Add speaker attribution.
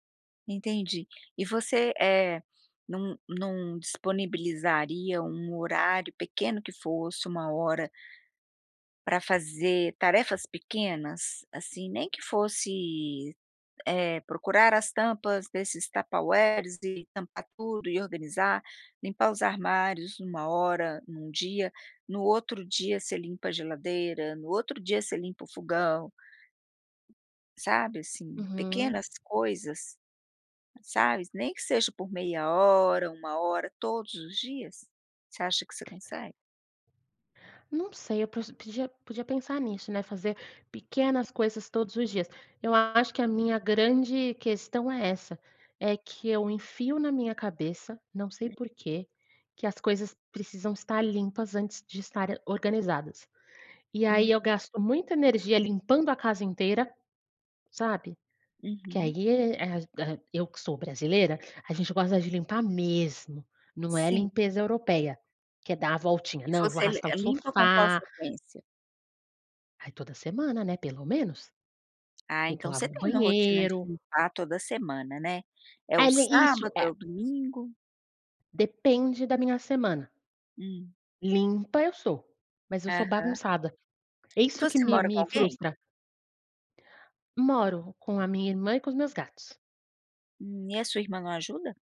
Speaker 1: Entendi. E você, eh, não, não disponibilizaria um horário, pequeno que fosse, 1 hora pra fazer tarefas pequenas? Assim, nem que fosse, eh, procurar as tampas desses tupperwares e tampar tudo, e organizar, limpar os armários numa hora, num dia. No outro dia você limpa a geladeira, no outro dia você limpa o fogão. Sabe, assim,
Speaker 2: Uhum.
Speaker 1: pequenas coisas. Sabe, nem que seja por meia hora, 1 hora, todos os dias. Você acha que você consegue?
Speaker 2: Não sei, eu pod podia pensar nisso, né, fazer pequenas coisas todos os dias. Eu acho que a minha grande questão é essa: é que eu enfio na minha cabeça, não sei
Speaker 1: Hum.
Speaker 2: porquê, que as coisas precisam estar limpas antes de estarem organizadas. E aí,
Speaker 1: Hum.
Speaker 2: eu gasto muita energia limpando a casa inteira, sabe? Porque
Speaker 1: Uhum.
Speaker 2: aí e a a eu que sou brasileira, a gente gosta de limpar mesmo, não é
Speaker 1: Sim.
Speaker 2: limpeza europeia, que é dar a voltinha,
Speaker 1: E
Speaker 2: não, eu vou
Speaker 1: você le
Speaker 2: arrastar o
Speaker 1: limpa com qual
Speaker 2: sofá.
Speaker 1: frequência?
Speaker 2: Aí toda semana, né, pelo menos.
Speaker 1: Ah,
Speaker 2: Tem que
Speaker 1: então você
Speaker 2: lavar o
Speaker 1: tem uma rotina de
Speaker 2: banheiro.
Speaker 1: limpar toda semana, né? É o
Speaker 2: Ai le Isso,
Speaker 1: sábado, é
Speaker 2: é
Speaker 1: o domingo?
Speaker 2: Depende da minha semana.
Speaker 1: Hum.
Speaker 2: Limpa eu sou, mas eu sou
Speaker 1: Aham.
Speaker 2: bagunçada. É isso que
Speaker 1: Você
Speaker 2: me
Speaker 1: mora com
Speaker 2: me
Speaker 1: alguém?
Speaker 2: frustra. Moro. Com a minha irmã e com os meus gatos.
Speaker 1: E a sua irmã não ajuda?